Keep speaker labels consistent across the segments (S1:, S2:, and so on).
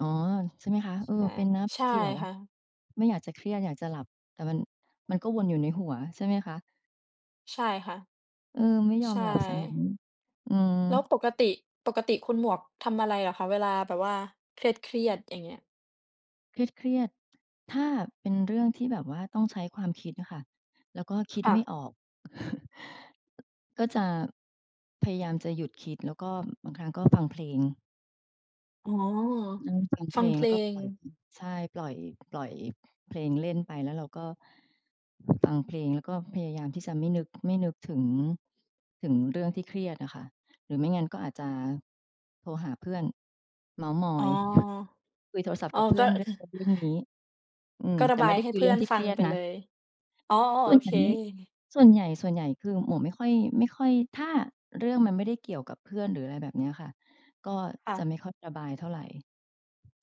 S1: อ๋อ ใช่ไหมคะ? เออ
S2: ใช่
S1: เป็นนะ
S2: ใช่
S1: ที่แบบว่
S2: ค
S1: า
S2: ่ะ
S1: ไม่อยากจะเครียด อยากจะหลับ แต่มัน มันก็วนอยู่ในหัวใช่ไหมคะ?
S2: ใช่ค่ะ
S1: เออ ไม่ยอ
S2: ใช
S1: มหลับ เสียงั้น
S2: ่
S1: อื
S2: แล้ว
S1: ม
S2: ปกติ ปกติคุณหมวกทำอะไรเหรอคะ เวลาแบบว่าเครียด ๆ อย่างเงี้ย?
S1: เครียด ๆ ถ้าเป็นเรื่องที่แบบว่าต้องใช้ความคิดอะค่ะ แล้วก็คิ
S2: ค
S1: ด
S2: ่
S1: ไม
S2: ะ
S1: ่ออก ก็จะ พยายามจะหยุดคิด แล้วก็บางครั้ง ก็ฟังเพลง
S2: อ๋อ
S1: นั่ง ฟังเ
S2: ฟ
S1: พ
S2: ั
S1: ล
S2: ง
S1: ง
S2: เพ
S1: แล
S2: ล
S1: ้วก็
S2: ง
S1: ปล่อย ใช่ ปล่อย ปล่อยเพลงเล่นไป แล้วเราก็ ฟังเพลงแล้วก็พยายามที่จะไม่นึก ไม่นึกถึง ถึงเรื่องที่เครียดอะค่ะ หรือไม่งั้นก็อาจจะโทรหาเพื่อน เม้าท์มอ
S2: อ๋อ
S1: ย คุยโทรศัพท
S2: อ
S1: ์
S2: ๋อ
S1: กับเพื
S2: ก
S1: ่
S2: ็
S1: อนเรื่
S2: ค
S1: อง
S2: ือ
S1: นั้นเรื่องนี้ อืม
S2: ก็ร
S1: แ
S2: ะ
S1: ต่
S2: บ
S1: ไม
S2: า
S1: ่
S2: ย
S1: ได้
S2: ให้
S1: คุย
S2: เพ
S1: เร
S2: ื
S1: ื
S2: ่
S1: ่
S2: อ
S1: อง
S2: น
S1: ที่
S2: ฟ
S1: เค
S2: ั
S1: ร
S2: ง
S1: ียด
S2: ไป
S1: นะ
S2: เลย อ๋อ
S1: ส่
S2: โอ
S1: วนให
S2: เ
S1: ญ
S2: ค
S1: ่ไม่ ส่วนใหญ่ ส่วนใหญ่คือหมวกไม่ค่อย ไม่ค่อย ถ้าเรื่องมันไม่ได้เกี่ยวกับเพื่อน หรืออะไรแบบเนี้ยค่ะ ก็
S2: ค่
S1: จะ
S2: ะ
S1: ไม่ค่อยระบายเท่าไร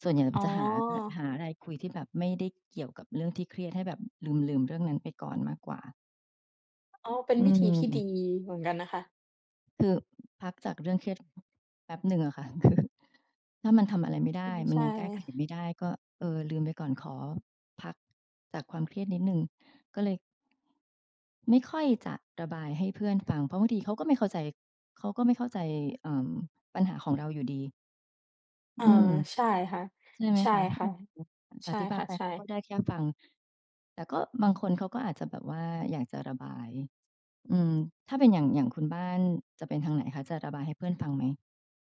S1: ส่วนใหญ่
S2: อ๋
S1: จะหาด้วย
S2: อ
S1: หาอะไรคุยที่แบบไม่ได้เกี่ยวกับเรื่องที่เครียด ให้แบบลืม ๆ เรื่องนั้นไปก่อนมากกว่า
S2: อ๋อ เป็น
S1: อื
S2: วิธีที่ดี
S1: ม
S2: เหมือนกันนะคะ
S1: คือพักจากเรื่องเครียด แป๊บหนึ่งอะค่ะ คือ ถ้ามันทำอะไรไม่ได
S2: อื
S1: ้
S2: ม
S1: มั
S2: ใ
S1: น
S2: ช่
S1: ยังแก้ไขไม่ได้ก็ เออ ลืมไปก่อน ขอพักจากความเครียดนิดหนึ่ง ก็เลย ไม่ค่อยจะระบายให้เพื่อนฟัง เพราะบางทีเขาก็ไม่เข้าใจ เขาก็ไม่เข้าใจ เอ่อ ปัญหาของเราอยู่ดี
S2: เออ
S1: อืม
S2: ใช่ค่ะ
S1: ใช่ไหม
S2: ใช่
S1: คะ?
S2: ค่ะ
S1: [unintelligible]
S2: ใช
S1: อ
S2: ่
S1: ธิบา
S2: ค
S1: ย
S2: ่ะ
S1: ไป
S2: ใช
S1: เขา
S2: ่
S1: ก็ได้แค่ฟัง แต่ก็บางคนเขาก็อาจจะแบบว่าอยากจะระบาย อืม ถ้าเป็นอย่าง อย่างคุณบ้านจะเป็นทางไหนคะ จะระบายให้เพื่อน ฟังไหม?